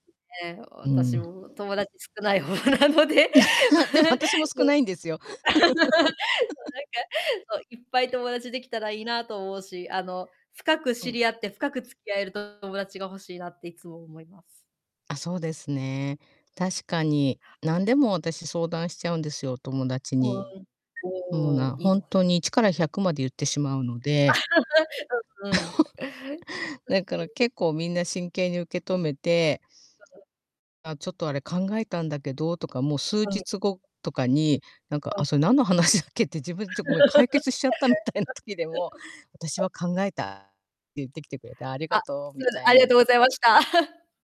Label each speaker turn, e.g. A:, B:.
A: ね。
B: う
A: 私
B: ん。
A: も友達少ない方なので。
B: でも 私も
A: う
B: 少
A: ん。
B: ないんですよ。
A: そう、なんか、そう、いっぱい友達できたらいいなと思うし、あの、深く
B: う
A: 知
B: ん。
A: り合って、深く付き合える友達が欲しいなっていつも思います。
B: あ、そうですね。
A: うん。
B: 確かに。何でも私、相談しちゃうんですよ、お友達
A: ふ
B: に。
A: ん。
B: もう
A: おお、
B: な
A: いい
B: ほん
A: です
B: と
A: ね。
B: に一から百まで言ってしまうので
A: うんうん。
B: だから 結構みんな真剣に受け止めて 「あ、ちょっとあれ考えたんだけど」とか、もう数
A: うん。
B: 日後とかに、何か
A: うん。
B: 「あ、それ何の話だっけ？」って自分で「ちょ、ごめん、解決しちゃった」みたいな時でも「私 は考えた」って言ってきてくれて「ありが
A: あ、
B: とう」
A: す
B: み
A: ません、
B: た
A: あ
B: い
A: りがと
B: に。
A: うございました。